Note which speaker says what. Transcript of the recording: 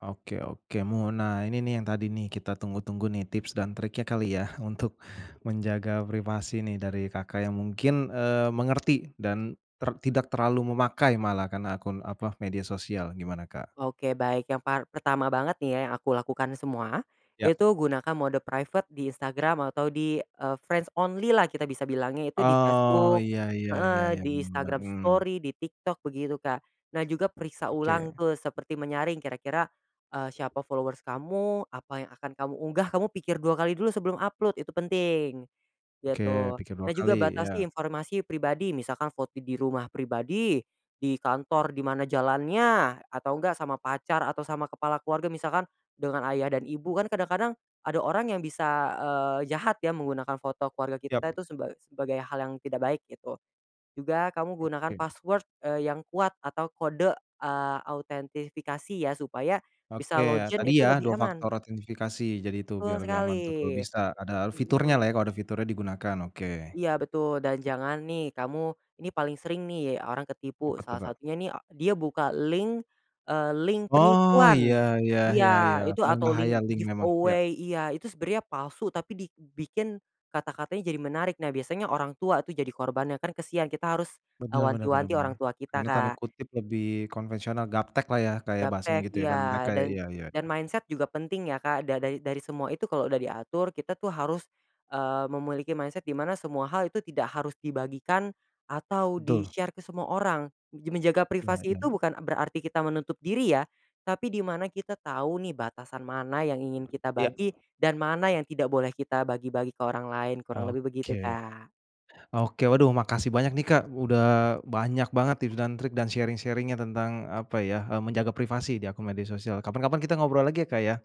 Speaker 1: Oke oke mu nah ini nih yang tadi nih kita tunggu-tunggu nih tips dan triknya kali ya untuk, menjaga privasi nih dari Kakak yang mungkin, eee, mengerti dan ter tidak terlalu memakai malah karena akun apa media sosial gimana Kak?
Speaker 2: Oke baik yang par pertama banget nih ya yang aku lakukan semua,
Speaker 1: Ya.
Speaker 2: itu gunakan mode private di Instagram atau di, eee, friends only-lah kita bisa bilangnya itu di
Speaker 1: Oh
Speaker 2: Facebook
Speaker 1: ya ya ya
Speaker 2: heeh,
Speaker 1: ya
Speaker 2: di
Speaker 1: bener bener,
Speaker 2: Instagram
Speaker 1: mmm.
Speaker 2: story, di TikTok begitu Kak nah juga periksa ulang
Speaker 1: Oke.
Speaker 2: ke seperti menyaring kira-kira, eee, siapa followers kamu apa yang akan kamu unggah kamu pikir 2x dulu sebelum upload itu penting,
Speaker 1: Oke
Speaker 2: gitu.
Speaker 1: pikir dua
Speaker 2: Nah
Speaker 1: kali
Speaker 2: juga batasi
Speaker 1: ya.
Speaker 2: informasi pribadi misalkan foto di rumah pribadi, di kantor di mana jalannya, atau enggak sama pacar atau sama kepala keluarga misalkan dengan ayah dan ibu. Kan kadang-kadang ada orang yang bisa, eee, jahat ya menggunakan foto keluarga
Speaker 1: Ya.
Speaker 2: kita itu seba sebagai hal yang tidak baik gitu, juga kamu gunakan
Speaker 1: Oke.
Speaker 2: password, eee, yang kuat atau kode, eee, autentifikasi ya supaya,
Speaker 1: Oke
Speaker 2: bisa
Speaker 1: ya
Speaker 2: login
Speaker 1: tadi
Speaker 2: itu
Speaker 1: ya
Speaker 2: lebih
Speaker 1: 2 faktor
Speaker 2: aman.
Speaker 1: autentifikasi jadi itu
Speaker 2: Betul
Speaker 1: biar lebih
Speaker 2: sekali,
Speaker 1: aman tuh kalau bisa ada fiturnyalah
Speaker 2: mhm.
Speaker 1: ya, kalau ada fiturnya digunakan oke.
Speaker 2: Iya betul dan jangan nih kamu ini paling sering nih orang ketipu
Speaker 1: Siapa tuh
Speaker 2: salah
Speaker 1: Kak?
Speaker 2: satunya nih dia buka link, eee, link
Speaker 1: Oh ya
Speaker 2: penipuan.
Speaker 1: ya
Speaker 2: Iya
Speaker 1: ya ya
Speaker 2: itu atau
Speaker 1: berbahaya
Speaker 2: link
Speaker 1: link memang ya.
Speaker 2: giveaway iya itu sebenarnya palsu tapi dibikin kata-katanya jadi menarik nah biasanya orang tua tuh jadi korbannya kan kasihan kita harus,
Speaker 1: Benar benar benar
Speaker 2: wanti-wanti orang
Speaker 1: benar,
Speaker 2: tua kita
Speaker 1: dalam tanda
Speaker 2: Kak.
Speaker 1: kutip "lebih konvensional," "gaptek" lah ya kayak bahasanya
Speaker 2: Gaptek
Speaker 1: gitu ya kan mereka
Speaker 2: iya dan
Speaker 1: iya iya
Speaker 2: dan
Speaker 1: iya.
Speaker 2: mindset juga penting ya Kak da da dari semua itu kalau udah diatur kita tuh harus, eee, memiliki mindset di mana semua hal itu tidak harus dibagikan atau
Speaker 1: Betul.
Speaker 2: di-share ke semua orang, menjaga
Speaker 1: Iya
Speaker 2: privasi itu
Speaker 1: iya.
Speaker 2: bukan berarti kita menutup diri ya, tapi di mana kita tahu nih batasan mana yang ingin kita
Speaker 1: Iya.
Speaker 2: bagi dan mana yang tidak boleh kita bagi-bagi ke orang lain kurang lebih
Speaker 1: Oke,
Speaker 2: begitu Kak.
Speaker 1: oke waduh makasih banyak nih Kak udah banyak banget tips dan trik dan sharing-sharing-nya tentang apa ya, eee, menjaga privasi di akun media sosial kapan-kapan kita ngobrol lagi ya Kak ya?